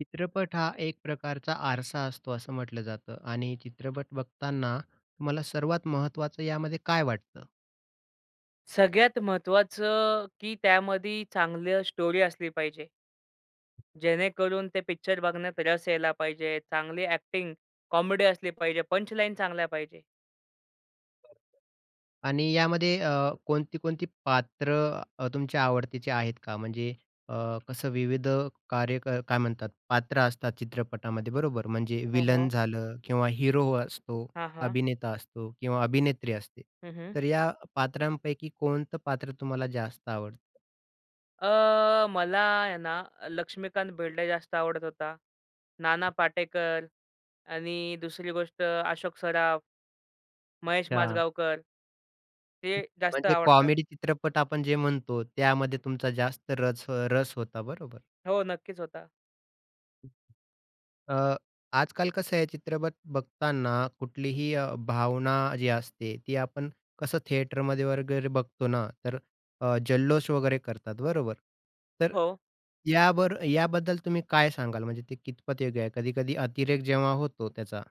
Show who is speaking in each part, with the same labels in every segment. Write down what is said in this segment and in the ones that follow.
Speaker 1: चित्रपट हा एक प्रकारचा आरसा असतो, असं म्हटलं जातं आणि चित्रपट बघताना तुम्हाला सर्वात महत्त्वाचं यामध्ये काय वाटतं?
Speaker 2: सगळ्यात महत्त्वाचं, की त्यामध्ये चांगलं स्टोरी असली पाहिजे. जेणेकरून ते पिक्चर बघण्यात रस यायला पाहिजे. चांगली अ‍ॅक्टिंग, कॉमेडी असली पाहिजे, पंचलाईन चांगल्या पाहिजे.
Speaker 1: आणि यामध्ये अ, कोणती, कोणती पात्रं अ, तुमच्या आवडतीचे आहेत का? म्हणजे अ, कसं विविध कार्य अ, काय म्हणतात पात्र असतात चित्रपटामध्ये बरोबर, म्हणजे
Speaker 2: हो,
Speaker 1: व्हिलन
Speaker 2: हो.
Speaker 1: झालं किंवा हिरो असतो,
Speaker 2: हां, हां.
Speaker 1: अभिनेता असतो किंवा अभिनेत्री असते,
Speaker 2: हं, हं.
Speaker 1: तर या पात्रांपैकी कोणतं पात्र तुम्हाला जास्त आवडतं?
Speaker 2: अ, मला आहे ना, अ, लक्ष्मीकांत बेर्डे जास्त आवडत होता. नाना पाटेकर आणि दुसरी गोष्ट अशोक सराफ महेश
Speaker 1: अच्छा.
Speaker 2: माजगावकर ते
Speaker 1: हं.
Speaker 2: जास्त
Speaker 1: म्हणजे
Speaker 2: आवडतात.
Speaker 1: कॉमेडी चित्रपट, आपण जे म्हणतो त्यामध्ये तुमचा जास्त रच अ, रस होता, बरोबर?
Speaker 2: हो, नक्कीच होता.
Speaker 1: अ, आजकाल कसं आहे चित्रपट बघताना कुठलीही अ, भावना जी असते ती आपण कसं थिएटरमध्ये वगैरे बघतो ना तर अ, जल्लोष वगैरे करतात, बरोबर? तर
Speaker 2: हो.
Speaker 1: याबर याबद्दल तुम्ही काय सांगाल म्हणजे ते कितपत योग्य आहे? कधी-कधी अतिरेक जेव्हा होतो त्याचा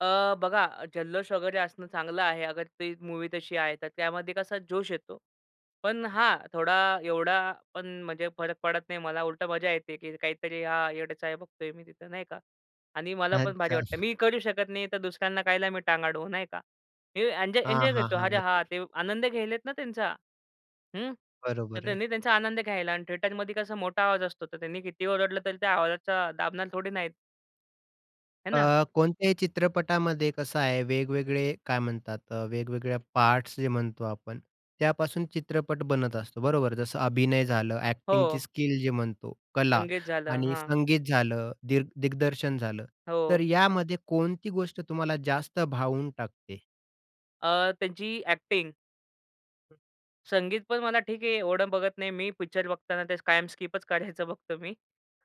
Speaker 2: अ, बघा अ, जल्लोष वगैरे असणं चांगलं आहे, अगर ती मूवी तशी आहे तर, त्यामध्ये कसा जोश येतो. पण हां, थोडा, एवढा पण म्हणजे फरक पडत नाही मला उलट मजा येते की काहीतरी हां, येडे-चाळे बघतोय मी तिथं नाही का आणि मला पण भारी
Speaker 1: अच्छा.
Speaker 2: वाटतं. मी करू शकत नाही तर दुसऱ्यांना कशाला मी टांग अडवू, नाही का? हे एन्जॉ
Speaker 1: हां,
Speaker 2: एन्जॉय
Speaker 1: हां,
Speaker 2: करतो,
Speaker 1: हां.
Speaker 2: अरे हां,
Speaker 1: बरोबर.
Speaker 2: ते आनंद घेत आहेत ना त्यांचा, हं? तर
Speaker 1: बरोबर आहे.
Speaker 2: त्यांनी त्यांचा आनंद घ्यायला आणि थिएटरमध्ये कसं मोठा आवाज असतो तर त्यांनी कितीही ओरडलं तरी त्या आवाजाचा दाबणार थोडी ना आहेत. हे ना?
Speaker 1: अ, कोणत्याही चित्रपटामध्ये कसं आहे वेगवेगळे काय म्हणतात अ, वेगवेगळ्या पार्ट्स जे म्हणतो आपण त्यापासून चित्रपट बनत असतो, बरोबर? जसं अभिनय झालं एक्टिंगची
Speaker 2: हो.
Speaker 1: स्किल जे म्हणतो, कला
Speaker 2: संगीत झालं.
Speaker 1: आणि
Speaker 2: हां.
Speaker 1: संगीत झालं, दिर दिग्दर्शन झालं, तर
Speaker 2: हो.
Speaker 1: यामध्ये कोणती गोष्ट तुम्हाला जास्त भावून टाकते?
Speaker 2: अ, त्यांची एक्टिंग. संगीत पण मला ठीक आहे, एवढं बघत नाही मी पिक्चर बघताना त्या कायम स्किपच करायचं बघतो मी.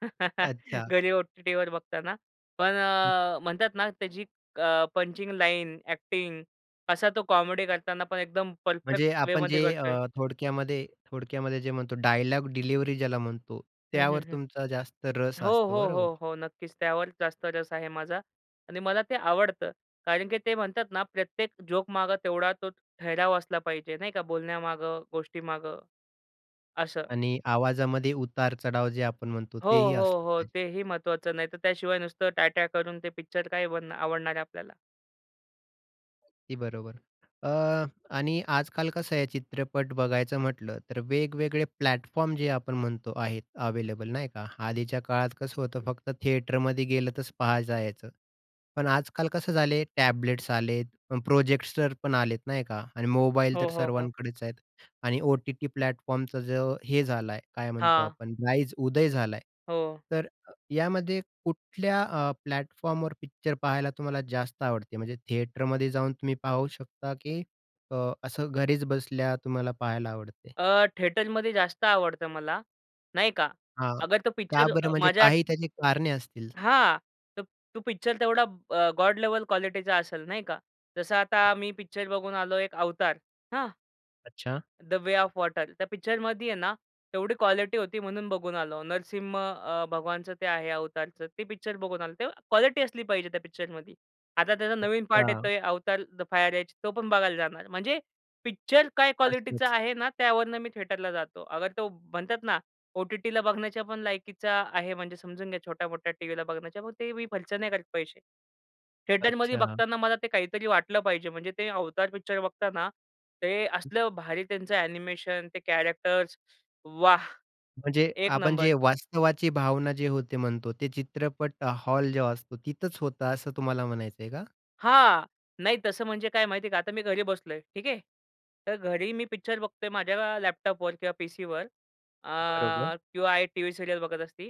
Speaker 1: अच्छा.
Speaker 2: घरी ओ-टी-टीवर बघताना, पण
Speaker 1: हं.
Speaker 2: अ, म्हणतात ना त्याची अ, पंचिंग लाइन, एक्टिंग, असा तो कॉमेडी करताना पण एकदम
Speaker 1: म्हणजे,
Speaker 2: परफेक्ट
Speaker 1: आपण
Speaker 2: वेमध्ये
Speaker 1: जे
Speaker 2: करतोय.
Speaker 1: अ, थोडक्यामध्ये, थोडक्यामध्ये जे म्हणतो डायलॉग डिलिव्हरी ज्याला म्हणतो,
Speaker 2: हं, हं,
Speaker 1: त्यावर
Speaker 2: हं.
Speaker 1: तुमचा जास्त रस
Speaker 2: हो,
Speaker 1: असतो
Speaker 2: हो,
Speaker 1: बरोबर?
Speaker 2: हो, हो. नक्कीच. त्यावर जास्त रस आहे माझा. आणि मला ते आवडतं. कारण की ते म्हणतात ना प्रत्येक जोकमागं तेवढा तो ठहराव असला पाहिजे, नाही का, बोलण्यामागं गोष्टीमागं. असं.
Speaker 1: आणि आवाजामध्ये उतार-चढाव जे आपण म्हणतो,
Speaker 2: हो,
Speaker 1: तेही
Speaker 2: हो,
Speaker 1: असलं
Speaker 2: हो.
Speaker 1: पाहिजे.
Speaker 2: तेही महत्त्वाचं, नाहीतर त्याशिवाय नुसतं ट्या-ट्या करून ते पिक्चर काय बन आवडणार आहे आपल्याला?
Speaker 1: अगदी बरोबर. अ, आणि आजकाल कसं आहे, चित्रपट बघायचं म्हटलं तर वेगवेगळे प्लॅटफॉर्म, जे आपण म्हणतो, आहेत अवेलेबल, नाही का? आधीच्या काळात कसं होतं, फक्त थिएटरमध्ये गेलं तरच पहायचायचं. पण आजकाल कसं झालं आहे, टॅबलेट्स आलेत, प्रोजेक्टर पण आलेत, नाही का? आणि मोबाईल तर
Speaker 2: हो, हो, हो.
Speaker 1: सर्वांकडेच आहेत, आणि ओ-टी-टी प्लॅटफॉर्मचा जो हे झालं आहे, काय म्हणतो
Speaker 2: हां.
Speaker 1: आपण, राईज उदय झाला आहे.
Speaker 2: हो.
Speaker 1: तर यामध्ये कुठल्या अ, प्लॅटफॉर्मवर पिक्चर पाहायला तुम्हाला जास्त आवडते? म्हणजे थिएटरमध्ये जाऊन तुम्ही पाहू शकता, की अ, असं घरीच बसल्या तुम्हाला पाहायला आवडते?
Speaker 2: अ, थिएटरमध्ये जास्त आवडतं मला, नाही का,
Speaker 1: हां,
Speaker 2: अगर तो
Speaker 1: का
Speaker 2: पिक्चर
Speaker 1: बरं?
Speaker 2: अ,
Speaker 1: म्हणजे
Speaker 2: माझ्या
Speaker 1: काही त्याची कारणे असतील.
Speaker 2: हां, तर तो पिक्चर तेवढा अ, गॉड लेवल क्वालिटीचा असेल नाही का, जसं आता मी पिक्चर बघून आलो एक Avatar. हां?
Speaker 1: अच्छा.
Speaker 2: The Way of Water. त्या पिक्चरमध्ये आहे ना, तेवढी क्वालिटी होती म्हणून बघून आलो. नरसिंह अ, भगवानचं ते आहे, Avatarचं. ती पिक्चर बघून आलो. तेव्हा क्वालिटी असली पाहिजे त्या पिक्चरमध्ये. आता त्याचा नवीन पार्ट
Speaker 1: अच्छा.
Speaker 2: येतोय Avatar, द फायर ऐश तो पण बघायला जाणार. म्हणजे पिक्चर काय क्वालिटीचा
Speaker 1: असतच.
Speaker 2: आहे ना त्यावरून मी थेटरला जातो. अगर तो म्हणतात ना ओ-टी-टीला बघण्याच्या पण लायकीचा आहे म्हणजे समजून घ्या छोट्या-मोठ्या टीव्हीला बघण्याच्या, मग ते मी खर्च नाही करत पैसे. थिएटरमध्ये
Speaker 1: अच्छा.
Speaker 2: बघताना मला ते काहीतरी वाटलं पाहिजे म्हणजे ते अवतार पिक्चर बघताना ते असलं भारी त्यांचं एनिमेशन, ते कॅरेक्टर्स, वाह!
Speaker 1: म्हणजे,
Speaker 2: 1
Speaker 1: आपण
Speaker 2: नंबर.
Speaker 1: जे वास्तवाची भावना जे होते म्हणतो ते चित्रपट हॉल जेव्हा असतो तिथंच होतं असं तुम्हाला म्हणायचंय का?
Speaker 2: हां. नाही, तसं म्हणजे काय माहिती आहे का, आता मी घरी बसलो आहे, ठीक आहे. तर घरी मी पिक्चर बघतो आहे, माझ्या लॅपटॉपवर किंवा पीसीवर
Speaker 1: बरोबर.
Speaker 2: अ, किंवा आई, टीव्ही सिरीयल बघत असती,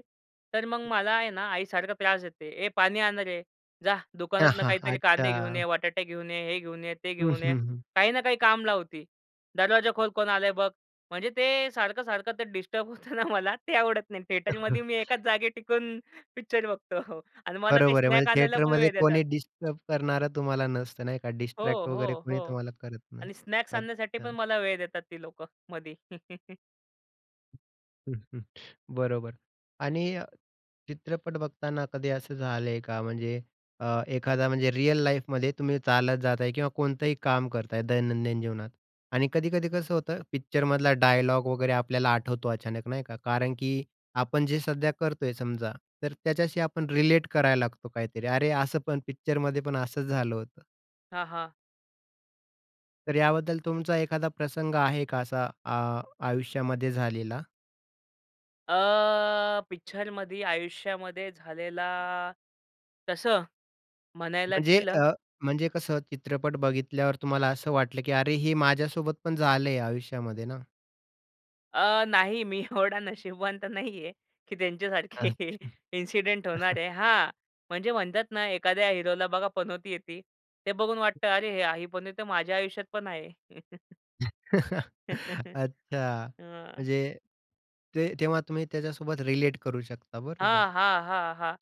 Speaker 2: तर मग मला आहे ना, आईसारखं त्रास देते "ये पाणी आणं रे, जा दुकानातनं काहीतरी कांदे घेऊन
Speaker 1: अच्छा.
Speaker 2: ये, बटाटे घेऊन ये, हे घेऊन ये, ते
Speaker 1: हं,
Speaker 2: घेऊन ये."
Speaker 1: हं, हं.
Speaker 2: काही ना काही काम लावती, "दरवाजाखोल कोण आलंय बघ". म्हणजे ते सारखं-सारखं ते डिस्टर्ब होतं ना, मला ते आवडत नाही. थिएटरमध्ये मी एकाच जागेत टिकून पिक्चर बघतो. आणि मला काही
Speaker 1: बरोबर आहे, म्हणजे
Speaker 2: स्नॅक आणायला पण
Speaker 1: थिएटरमध्ये
Speaker 2: वेळ देतात.
Speaker 1: कोणी डिस्टर्ब करणारं तुम्हाला नसतं, नाही का?
Speaker 2: हो,
Speaker 1: डिस्ट्रॅक्ट वगैरे
Speaker 2: हो,
Speaker 1: कोणी
Speaker 2: हो.
Speaker 1: तुम्हाला करत नाही.
Speaker 2: आणि स्नॅक्स आणण्यासाठी
Speaker 1: अच्छा.
Speaker 2: पण मला वेळ देतात ती लोकं मधी.
Speaker 1: बरोबर. आणि चित्रपट बघताना कधी असं झालं आहे का? म्हणजे अ, एखादा, म्हणजे रिअल लाईफमध्ये तुम्ही चालत जात आहे किंवा कोणतंही काम करता आहे, दैनंदिन जीवनात. आणि कधी-कधी कसं होतं, पिक्चरमधला डायलॉग वगैरे आपल्याला आठवतो अचानक, नाही का. कारण की आपण जे सध्या करतो आहे समजा, तर त्याच्याशी आपण रिलेट करायला लागतो काहीतरी, "अरे, असं पण पिक्चरमध्येपण असंच झालं होतं"?
Speaker 2: हां, हां.
Speaker 1: तर याबद्दल तुमचा एखादा प्रसंग आहे का असा आ आयुष्यामध्ये झालेला?
Speaker 2: अ, पिक्चरमध्ये आयुष्यामध्ये झालेला, तसं म्हणायला
Speaker 1: म्हणजे
Speaker 2: गेलं
Speaker 1: अ, म्हणजे कसं चित्रपट बघितल्यावर तुम्हाला असं वाटलं, की अरे हे माझ्यासोबत पण झालंय आयुष्यामध्ये ना.
Speaker 2: अ, नाही मी एवढा नशिबवान तर नाही आहे की त्यांच्यासारखे
Speaker 1: अच्छा.
Speaker 2: इन्सिडेंट होणार आहे. हां म्हणजे म्हणतात ना, एखाद्या हिरोला बघा, पनौती येते ते बघून वाटतं अरे ही पनौती माझ्या आयुष्यात पण आहे.
Speaker 1: अच्छा,
Speaker 2: हां.
Speaker 1: म्हणजे ते तेव्हा तुम्ही त्याच्यासोबत रिलेट करू शकता बरोबर?
Speaker 2: हां, हां, हां, हां.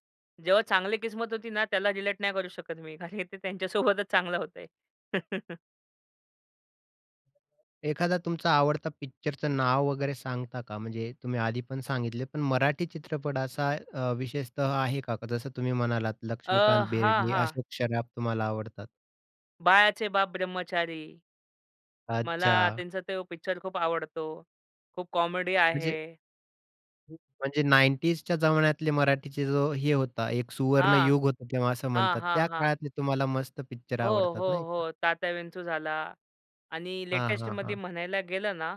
Speaker 2: जेव्हा चांगली किस्मत होती ना, त्याला रिलेट नाही करू शकत मी. खाली ते त्यांच्यासोबतच चांगलं होतंय.
Speaker 1: एखादा तुमचा आवडता पिक्चरचं नाव वगैरे सांगता का? म्हणजे तुम्ही आधी पण सांगितले पण मराठी चित्रपट असा अ, विशेषतः आहे का? जसं तुम्ही म्हणालात,
Speaker 2: अ,
Speaker 1: लक्ष्मीकांत
Speaker 2: हां,
Speaker 1: बेर्डे,
Speaker 2: हां.
Speaker 1: अशोक सराफ तुम्हाला आवडतात.
Speaker 2: बाळाचे बाप ब्रह्मचारी. मला
Speaker 1: अच्छा.
Speaker 2: त्यांचा तो पिक्चर खूप आवडतो. खूप कॉमेडी
Speaker 1: म्हणजे
Speaker 2: आहे.
Speaker 1: म्हणजे '90sच्या जमान्यातले मराठीचे जो हे होता, एक
Speaker 2: हां.
Speaker 1: सुवर्णयुग होतं, तेव्हा असं
Speaker 2: हां,
Speaker 1: म्हणतात.
Speaker 2: हां,
Speaker 1: त्या
Speaker 2: हां.
Speaker 1: काळातले तुम्हाला मस्त पिक्चर
Speaker 2: हो,
Speaker 1: आवडतात,
Speaker 2: हो,
Speaker 1: नाही का?
Speaker 2: हो. तात्याविंचू झाला आणि
Speaker 1: हां, हां,
Speaker 2: लेटेस्टमध्ये
Speaker 1: हां.
Speaker 2: म्हणायला गेलं ना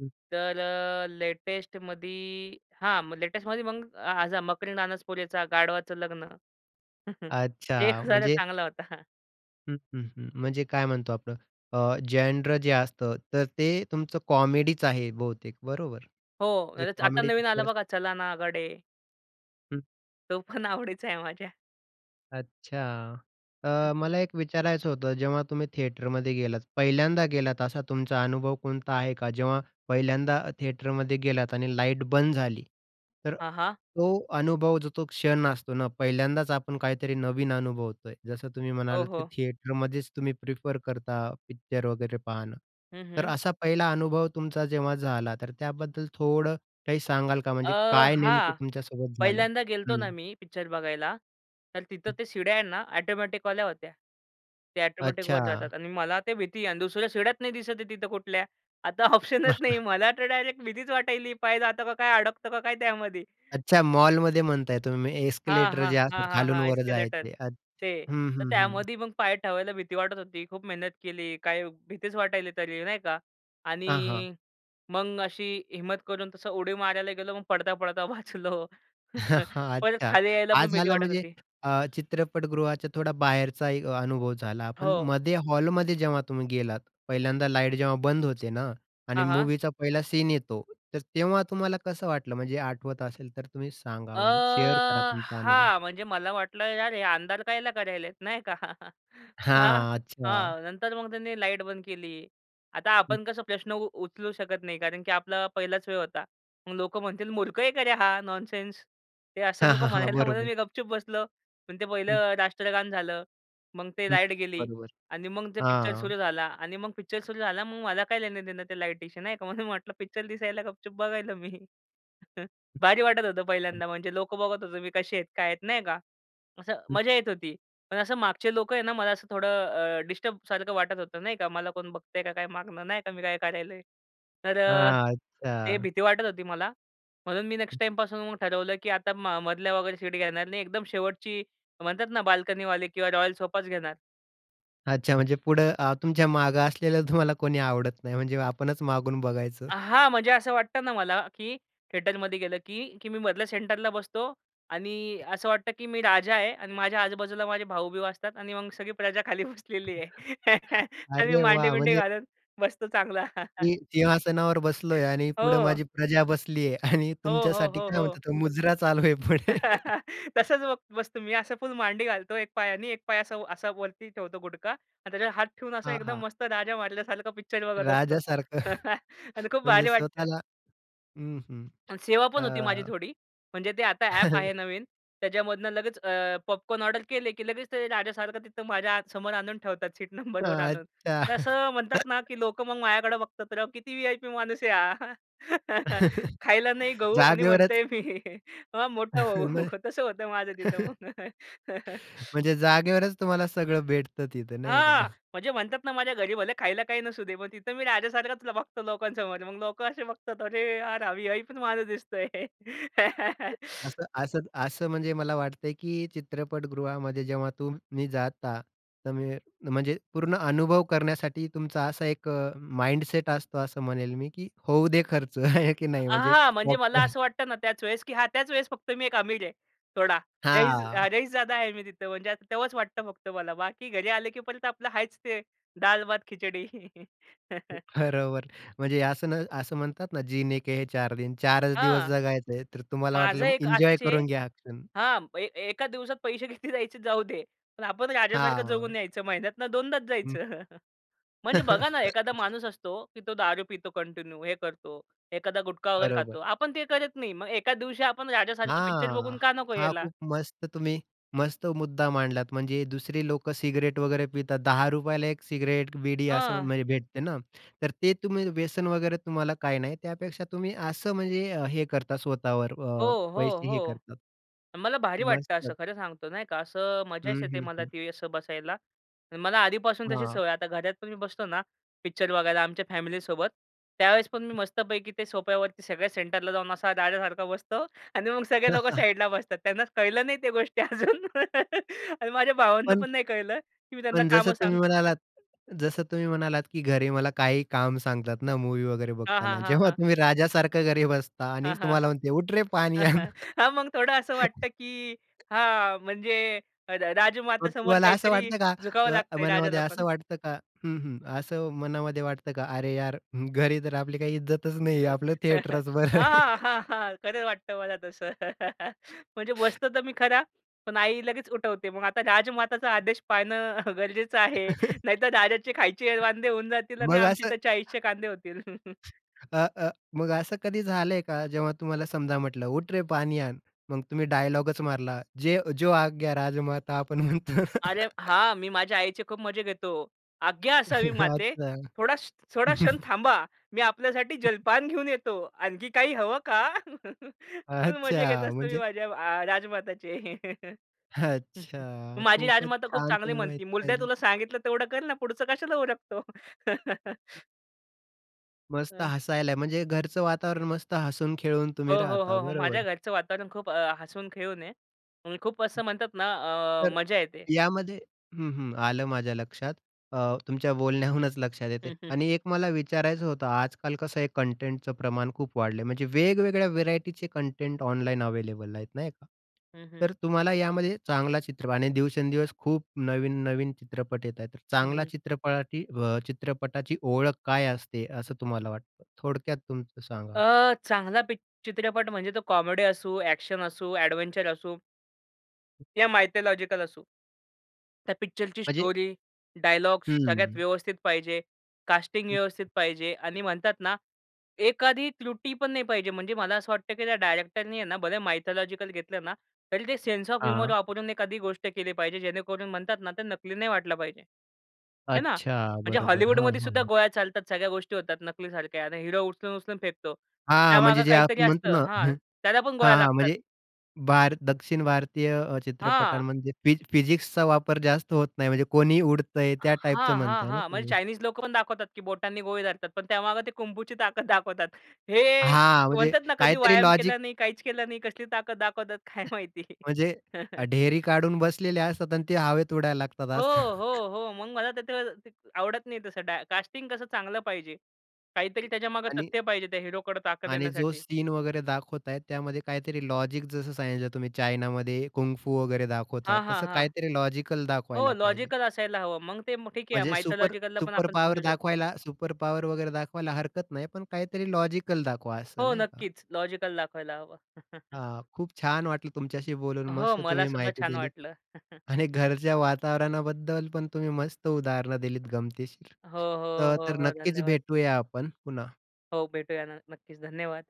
Speaker 1: हं.
Speaker 2: तर, अ, लेटेस्टमध्ये हां, लेटेस्टमध्ये मग, अ, ह्याचा मकरंद अनासपुरेचा गाढवाचं लग्न. ते एक
Speaker 1: अच्छा,
Speaker 2: हसायला
Speaker 1: म्हणजे
Speaker 2: चांगला होता.
Speaker 1: हं, हं, हं. म्हणजे काय म्हणतो आपण, अ, जेनरा जे असतं, तर ते तुमचं कॉमेडीच आहे बहुतेक, बरोबर?
Speaker 2: हो,
Speaker 1: म्हणजे
Speaker 2: म्हणजे आता
Speaker 1: कॉमेडी
Speaker 2: नवीन आलं,
Speaker 1: पिक्चर्स
Speaker 2: बघा, चला ना गडे.
Speaker 1: हं.
Speaker 2: तो पण आवडीचा आहे माझ्या.
Speaker 1: अच्छा.
Speaker 2: हं,
Speaker 1: अ,
Speaker 2: हं.
Speaker 1: मला एक विचारायचं होतं, जेव्हा तुम्ही थिएटरमध्ये गेलात, पहिल्यांदा गेलात असा तुमचा अनुभव कोणता आहे का जेव्हा पहिल्यांदा अ, थिएटरमध्ये गेलात आणि लाईट बंद झाली, तर
Speaker 2: हां, हां.
Speaker 1: तो अनुभव, जो तो क्षण असतो ना, पहिल्यांदाच आपण काहीतरी नवीन अनुभवतो आहे. जसं तुम्ही
Speaker 2: हो,
Speaker 1: म्हणालात, की
Speaker 2: हो.
Speaker 1: थिएटरमध्येच तुम्ही प्रिफर करता पिक्चर वगैरे पाहणं,
Speaker 2: हं,
Speaker 1: तर
Speaker 2: हं.
Speaker 1: असा पहिला अनुभव तुमचा जेव्हा झाला, तर त्याबद्दल थोडं काही सांगाल का?
Speaker 2: अ,
Speaker 1: म्हणजे काय नेमकं
Speaker 2: हां,
Speaker 1: तुमच्यासोबत झालं?
Speaker 2: पहिल्यांदा गेलतो ना
Speaker 1: हं.
Speaker 2: मी पिक्चर बघायला, तर तिथं ते शिड्या आहेत ना, ऑटोमॅटिकवाल्या होत्या. ते ऑटोमॅटिक वर
Speaker 1: अच्छा.
Speaker 2: जातात आणि मला ते भीती आहे. आणि दुसऱ्या शिड्या नाही दिसत आहे तिथं कुठल्या, आता ऑप्शनच नाही. मला तर डायरेक्ट भीतीच वाटायली, पाय जातं का काय, अडकतं का काय त्यामध्ये.
Speaker 1: अच्छा, मॉलमध्ये म्हणत आहे तुम्ही,
Speaker 2: हां,
Speaker 1: एस्केलेटर
Speaker 2: हां.
Speaker 1: जे
Speaker 2: हां,
Speaker 1: असतात
Speaker 2: हां,
Speaker 1: खालून
Speaker 2: हां.
Speaker 1: वर
Speaker 2: एस्केलेटर,
Speaker 1: जायचे, अच्छा.
Speaker 2: ते.
Speaker 1: हं,
Speaker 2: तर
Speaker 1: हं, हं.
Speaker 2: त्यामध्ये मग पाय ठेवायला भीती वाटत होती. खूप मेहनत केली, काही भीतीच वाटायली तरी, नाही का.
Speaker 1: हां, हां.
Speaker 2: आणि मग अशी हिम्मत करून तसं उडी मारायला गेलो, मग पडता-पडता वाचलो. परत
Speaker 1: अच्छा,
Speaker 2: खाली यायला
Speaker 1: हा,
Speaker 2: पण भीती
Speaker 1: झाला
Speaker 2: वाटत
Speaker 1: म्हणजे
Speaker 2: होती.
Speaker 1: अ, चित्रपटगृहाच्या थोडा बाहेरचा एक अनुभव झाला. पण
Speaker 2: हो.
Speaker 1: मध्ये हॉलमध्ये जेव्हा तुम्ही गेलात, पहिल्यांदा लाईट जेव्हा बंद होते ना आणि
Speaker 2: हां, हां.
Speaker 1: मूवीचा पहिला सीन येतो, तर तेव्हा तुम्हाला कसं वाटलं? म्हणजे आठवत असेल तर तुम्ही
Speaker 2: अ,
Speaker 1: सांगा, म्हणजे शेअर करा तुमचा अनुभव.
Speaker 2: हां, म्हणजे मला वाटलं, यार हे अंधार कायला करत आहेत नाही का? हां,
Speaker 1: हां, अच्छा.
Speaker 2: हां. नंतर मग त्यांनी लाईट बंद केली. आता
Speaker 1: हं.
Speaker 2: आपण कसं प्रश्न उ उचलू शकत नाही, कारण की आपला पहिलाच वेळ होता. मग लोक म्हणतील "मूर्ख आहे का रे हा, नॉनसेन्स." ते असं
Speaker 1: हां,
Speaker 2: नको
Speaker 1: हां, हां,
Speaker 2: म्हणायला, म्हणून
Speaker 1: बरोबर.
Speaker 2: मी गप चूप बसलो. पण ते
Speaker 1: हं.
Speaker 2: पहिलं राष्ट्रगान झालं, मग ते
Speaker 1: हं,
Speaker 2: लाईट गेली
Speaker 1: बरोबर,
Speaker 2: आणि मग ते पिक्चर
Speaker 1: हां.
Speaker 2: सुरू झाला. आणि मग पिक्चर सुरू झाला, मग मला काय लेणं-देणं ते लाईटीशी नाही का. म्हणून म्हटलं, पिक्चर दिसायला गपचूप बघायला मी. भारी वाटत होतं पहिल्यांदा. म्हणजे लोकं बघत होते, मी कसे आहेत, काय आहेत, नाही का, असं
Speaker 1: हं.
Speaker 2: मजा येत होती. पण असं मागचे लोकं आहेत ना, मला असं थोडं, अ, डिस्टर्बसारखं वाटत होतं. नाही का, मला कोण बघतंय का काय मागनं, नाही का. मी काय करतो आहे? तर अ,
Speaker 1: हां,
Speaker 2: ते
Speaker 1: अच्छा.
Speaker 2: भीती वाटत होती मला. म्हणून मी नेक्स्ट टाईमपासून मग ठरवलं, की आता म मधल्या वगैरे सीट घेणार नाही. एकदम शेवटची म्हणतात ना, बाल्कनीवाले किंवा रॉयल सोफाच घेणार.
Speaker 1: अच्छा, म्हणजे पुढं अ, तुमच्या मागं असलेलं तुम्हाला कोणी आवडत नाही म्हणजे आपणच मागून बघायचं.
Speaker 2: अ, हां, म्हणजे असं वाटतं ना मला, की थिएटरमध्ये गेलं, की, की मी मधल्या सेंटरला बसतो आणि असं वाटतं, की मी राजा आहे आणि माझ्या आजू-बाजूला माझे भाऊबिऊ असतात आणि मग सगळी प्रजा खाली बसलेली आहे आणि मी
Speaker 1: अरे वाह!
Speaker 2: मांडीबिंडी
Speaker 1: म्हणजे
Speaker 2: घालत बसतो चांगला.
Speaker 1: मी सिंहासनावर बसलोय आणि पुढं
Speaker 2: हो.
Speaker 1: माझी प्रजा बसली आहे आणि
Speaker 2: हो, हो,
Speaker 1: तुमच्यासाठी
Speaker 2: हो,
Speaker 1: काय
Speaker 2: हो.
Speaker 1: म्हणतात तो मुजरा चालू आहे पुढे.
Speaker 2: तसंच बग बसतो मी असं फुल मांडी घालतो एक पायाने एक पाय असा व असा वरती ठेवतो गुढगा आणि त्याच्यावर हात ठेवून असा
Speaker 1: हां,
Speaker 2: एकदम
Speaker 1: हां.
Speaker 2: मस्त राजा मारल्यासारखं पिक्चर बघत असतो
Speaker 1: राजासारखं.
Speaker 2: आणि खूप
Speaker 1: म्हणजे
Speaker 2: भारी वाटतं.
Speaker 1: स्वतःला हं, हं,
Speaker 2: आणि सेवा पण होती माझी
Speaker 1: अ
Speaker 2: थोडी. म्हणजे ते आता ॲप आहे नवीन त्याच्यामधनं लगेच अ, पॉपकॉर्न ऑर्डर केले, की लगेच ते राजासारखं तिथं माझ्या आ समोर आणून ठेवतात सीट नंबरवर आणून.
Speaker 1: अच्छा.
Speaker 2: तर असं म्हणतात ना, की लोकं मग माझ्याकडं बघतात राव किती व्ही-आय-पी माणूस आहे हा. "खायला नाही गहू आणि म्हणतो
Speaker 1: जागेवरच.
Speaker 2: आहे मी, हा मोठा भाऊ"
Speaker 1: म्ह
Speaker 2: तसं होतं माझं तिथं मग.
Speaker 1: म्हणजे जागेवरच तुम्हाला सगळं भेटतं तिथं नाही का?
Speaker 2: हां, म्हणजे म्हणतात ना माझ्या घरी भले खायला काही नसू दे पण तिथं मी राजासारखाच तुला बघतो लोकांसमोर. मग लोकं असे बघतात अरे यार हा व्ही-आय-पीच माणूस दिसतो आहे.
Speaker 1: असं असं असं म्हणजे मला वाटतंय, की चित्रपटगृहामध्ये जेव्हा तुम्ही जाता तमी म्हणजे पूर्ण अनुभव करण्यासाठी तुमचा असा एक अ, माइंडसेट असतो असं म्हणेल मी की होऊ दे खर्च, आहे की
Speaker 2: अ,
Speaker 1: नाही, म्हणजे
Speaker 2: हां, म्हणजे मला
Speaker 1: पॉपकॉर्न
Speaker 2: असं वाटतं ना त्याच वेळेस, की हां त्याच वेळेस फक्त मी एक आमि, र आहे थोडा. रईस अ,
Speaker 1: हां.
Speaker 2: रईसजादा आहे मी तिथं म्हणजे असं तेव्हाच वाटतं फक्त मला. बाकी घरी आलं, की परत आपलं आहेच ते दाल-भात, खिचडी.
Speaker 1: बरोबर म्हणजे असं न असं म्हणतात ना "जीने के हैं चार दिन" 4 च दिवस
Speaker 2: हां,
Speaker 1: जगायचं आहे तर तुम्हाला वाटलं
Speaker 2: माझं
Speaker 1: मग
Speaker 2: एक
Speaker 1: एन्जॉय
Speaker 2: असंच आहे
Speaker 1: करून घ्या हा क्षण.
Speaker 2: हां, ए एका दिवसात पैसे किती जायचे जाऊ दे, पण आपण राजासारखं
Speaker 1: हां.
Speaker 2: जगून यायचं. महिन्यातनं दोनदाच
Speaker 1: हं.
Speaker 2: जायचं. म्हणजे बघा ना एखादा माणूस असतो, की तो दारू पितो कंटिन्यू हे करतो, एखादा गुटखा वगैरे खातो.
Speaker 1: बरोबर.
Speaker 2: आपण ते करत नाही. मग एखाद दिवशी आपण राजासारखं पिक्चर
Speaker 1: हां,
Speaker 2: बघून का नको
Speaker 1: हा
Speaker 2: यायला?
Speaker 1: खूप मस्त तुम्ही मस्त मुद्दा मांडलात म्हणजे दुसरी लोकं सिगरेट वगैरे पितात ₹ 10 1 सिगरेट बीडी असं
Speaker 2: हां.
Speaker 1: म्हणजे भेटते ना तर ते तुम्ही व्यसन वगैरे तुम्हाला काही नाही त्यापेक्षा तुम्ही असं म्हणजे अ, हे करता स्वतःवर
Speaker 2: हो,
Speaker 1: अ,
Speaker 2: हो,
Speaker 1: पैसे हे
Speaker 2: हो.
Speaker 1: करता.
Speaker 2: मला भारी वाटतं
Speaker 1: मस्त.
Speaker 2: असं खरं सांगतो नाही का असं मजाच
Speaker 1: हं,
Speaker 2: येते
Speaker 1: हं,
Speaker 2: मला
Speaker 1: हं.
Speaker 2: ती असं बसायला. मला आधीपासून तशी
Speaker 1: हां.
Speaker 2: सवय आहे. आता घरात पण मी बसतो ना, पिक्चर बघायला आमच्या फॅमिलीसोबत, त्यावेळेस पण मी मस्तपैकी ते सोफ्यावरती सगळ्या सेंटरला जाऊन असा दाद्यासारखा बसतो आणि मग सगळे लोकं साईडला बसतात. त्यांना कळलं नाही त्या गोष्टी अजून आणि माझ्या भावांना
Speaker 1: पण
Speaker 2: पण नाही कळलं की मी त्यांना
Speaker 1: पण जसं
Speaker 2: कामं
Speaker 1: तुम्ही
Speaker 2: सांगतो.
Speaker 1: म्हणालात जसं तुम्ही म्हणालात, की घरी मला काहीही काम सांगतात ना मूवी वगैरे
Speaker 2: हां,
Speaker 1: बघताना.
Speaker 2: हां, हां,
Speaker 1: जेव्हा
Speaker 2: हां.
Speaker 1: तुम्ही राजासारखं घरी बसता आणि
Speaker 2: हां, हां.
Speaker 1: तुम्हाला म्हणते, "उठ रे पाणी आण."
Speaker 2: हां, मग थोडं असं वाटतं की हां म्हणजे अ, र राजमाता
Speaker 1: मग
Speaker 2: समोर
Speaker 1: तुम्हाला असं
Speaker 2: काहीतरी
Speaker 1: वाटतं का?
Speaker 2: झुकावं
Speaker 1: का
Speaker 2: लागतंय
Speaker 1: मनामध्ये
Speaker 2: राजाला पण.
Speaker 1: असं वाटतं का? हं, हं. असं मनामध्ये वाटतं का? अरे यार हं, घरी तर आपली काही इज्जतच नाहीये
Speaker 2: हां,
Speaker 1: आपलं थिएटरच बरं आहे.
Speaker 2: हां, हां, हां. खरं वाटतं मला तसं. म्हणजे बसतो तर मी खरा, पण आई लगेच उठवते. मग आता राजमाताचा आदेश पाळणं गरजेचं आहे नाहीतर राजाचे खायचे अ, वांदे होऊन जातील आणि
Speaker 1: मग
Speaker 2: आमची
Speaker 1: असं
Speaker 2: तर 40 कांदे होतील.
Speaker 1: अ, अ, मग असं कधी झालंय का? जेव्हा तुम्हाला समजा म्हटलं, "उठ रे, पाणी आण" मग तुम्ही डायलॉगच मारला, "जे अ, जो आग्या राजमाता" आपण म्हणतो.
Speaker 2: अरे हां, मी माझ्या आईचे खूप मजा घेतो. आज्ञा असावी माते
Speaker 1: अच्छा.
Speaker 2: थोडा श थोडा क्षण थांबा, मी आपल्यासाठी जलपान घेऊन येतो. आणखी काही हवं का? खूप मजा घेत
Speaker 1: अच्छा
Speaker 2: असतो मी
Speaker 1: म्हणजे
Speaker 2: माझ्या आ राजमाताची.
Speaker 1: अच्छा,
Speaker 2: माझी
Speaker 1: खूपच
Speaker 2: राजमाता खूप
Speaker 1: छान
Speaker 2: चांगली
Speaker 1: तुम्ही
Speaker 2: म्हणती,
Speaker 1: माहिती
Speaker 2: "मुर्द्या
Speaker 1: सांगितली.
Speaker 2: तुला सांगितलं तेवढं कर ना. पुढचं कशाला उरकतो?"
Speaker 1: मस्त
Speaker 2: अह.
Speaker 1: हसायला म्हणजे घरचं वातावरण मस्त हसून खेळून
Speaker 2: हो,
Speaker 1: तुम्ही
Speaker 2: हो,
Speaker 1: राहता
Speaker 2: हो, हो. माझ्या
Speaker 1: बरोबर.
Speaker 2: घरचं वातावरण खूप अ, हसून खेळून आहे आणि खूप असं म्हणतातना अ,
Speaker 1: तर
Speaker 2: मजा येते.
Speaker 1: यामध्ये हं, हं, आलं माझ्या लक्षात. अ, तुमच्या बोलण्याहूनच लक्षात येते
Speaker 2: हं, हं.
Speaker 1: आणि एक मला विचारायचं होतं, आजकाल कसं आहे कंटेंटचं प्रमाण खूप वाढलंय म्हणजे वेगवेगळ्या व्हेरायटीचे कंटेंट ऑनलाइन अवेलेबल आहेत नाही का?
Speaker 2: हं, हं.
Speaker 1: तर तुम्हाला यामध्ये चांगला चित्रप आणि दिवसेंदिवस खूप नवीन-नवीन चित्रपट येत आहेत तर
Speaker 2: हं,
Speaker 1: चांगला
Speaker 2: हं.
Speaker 1: चित्रपाटी अ, चित्रपटाची ओळख काय असते असं तुम्हाला वाटतं? थोडक्यात तुमचं सांगा?
Speaker 2: अ, चांगला पी चित्रपट म्हणजे, तो कॉमेडी असू, एक्शन असू, एडव्हेंचर असू या मायथॉलॉजिकल असू. त्या पिक्चरची
Speaker 1: म्हणजे?
Speaker 2: स्टोरी, डायलॉग्स सगळ्यात
Speaker 1: हं.
Speaker 2: व्यवस्थित पाहिजे. कास्टिंग व्यवस्थित पाहिजे आणि म्हणतात ना, एखादी त्रुटी पण नाही पाहिजे. म्हणजे मला असं वाटतं की त्या डायरेक्टरनी आहे ना बरं मायथॉलॉजिकल घेतलं ना. तरी ते सेन्स ऑफ ह्युमर
Speaker 1: हां.
Speaker 2: वापरून एखादी गोष्ट केली पाहिजे, जेणेकरून म्हणतात ना, ते नकली नाही वाटलं पाहिजे. आहे ना?
Speaker 1: अच्छा
Speaker 2: म्हणजे
Speaker 1: बरोबर. हं,
Speaker 2: हॉलीवूडमध्ये
Speaker 1: हं,
Speaker 2: सुद्धा
Speaker 1: हं.
Speaker 2: गोळ्या चालतात सगळ्या गोष्टी होतात, नकलीसारख्या आणि हिरो उचलून-उचलून फेकतो.
Speaker 1: हां, म्हणजे
Speaker 2: त्यामागे
Speaker 1: जे
Speaker 2: काहीतरी
Speaker 1: आपण
Speaker 2: असतं
Speaker 1: म्हणतोना
Speaker 2: हां,
Speaker 1: हं,
Speaker 2: त्याला पण गोळ्या
Speaker 1: हां, हां.
Speaker 2: लागतात.
Speaker 1: म्हणजे भार दक्षिण भारतीय अ,
Speaker 2: हां.
Speaker 1: चित्रपटांमध्ये फिज फिजिक्सचा वापर जास्त होत नाही म्हणजे कोणी उडतंय त्या टाईपचं
Speaker 2: हां, हां,
Speaker 1: म्हणताय ना
Speaker 2: हां, म्हणजे
Speaker 1: तुम्ही?
Speaker 2: चायनीज लोकं पण दाखवतात की बोटांनी गोळी धरतात पण त्यामागं ते कुंफूची ताकद दाखवतात. हे
Speaker 1: हां म्हणजे
Speaker 2: म्हणतातना, कधी
Speaker 1: काहीतरी
Speaker 2: व्यायाम
Speaker 1: लॉजिक
Speaker 2: केला नाही, काहीच केलं नाही कसली ताकद दाखवतात काय माहिती.
Speaker 1: म्हणजे ढेरी काढून बसलेल्या असतात आणि ते हवेत उडायला
Speaker 2: हो,
Speaker 1: लागतात.
Speaker 2: हो, हो, मग मला ते त कस ते अ, आवडत नाही तसं डाय कास्टिंग कसं चांगलं पाहिजे. काहीतरी त्याच्यामागं
Speaker 1: आणि
Speaker 2: तथ्य पाहिजे त्या हिरोकडे ताकद
Speaker 1: आणि जो
Speaker 2: येण्यासाठी.
Speaker 1: सीन वगैरे दाखवतायेत त्यामध्ये काहीतरी लॉजिक जसं सांगितलं तुम्ही चायनामध्ये, कुंफू वगैरे दाखवतात
Speaker 2: हां, हां,
Speaker 1: तसं
Speaker 2: हां.
Speaker 1: काहीतरी लॉजिकल
Speaker 2: हो
Speaker 1: दाखवायला पाहिजे.
Speaker 2: लॉजिकल असायला हवं. मग ते ठीक आहे
Speaker 1: म्हणजे सुपर
Speaker 2: मायथोलॉजिकलला पण
Speaker 1: सुपर
Speaker 2: आपण
Speaker 1: पॉवर
Speaker 2: समजू शकतो.
Speaker 1: दाखवायला सुपर पॉवर वगैरे दाखवायला हरकत नाही. पण काहीतरी लॉजिकल दाखवा असं
Speaker 2: हो,
Speaker 1: नाही का?
Speaker 2: नक्कीच. लॉजिकल दाखवायला हवं.
Speaker 1: हां, खूप छान वाटलं तुमच्याशी बोलून.
Speaker 2: हो,
Speaker 1: मस्त
Speaker 2: मला
Speaker 1: तुम्ही
Speaker 2: सुद्धा
Speaker 1: माहिती
Speaker 2: छान
Speaker 1: दिलीत
Speaker 2: वाटलं.
Speaker 1: आणि घरच्या वातावरणाबद्दल पण तुम्ही मस्त उदाहरणं दिलीत गमतीशीर.
Speaker 2: हो, हो,
Speaker 1: तर
Speaker 2: हो,
Speaker 1: तर
Speaker 2: हो.
Speaker 1: नक्कीच
Speaker 2: धन्यवाद.
Speaker 1: भेटूया आपण पुन्हा.
Speaker 2: हो, भेटूयाना न नक्कीच, धन्यवाद.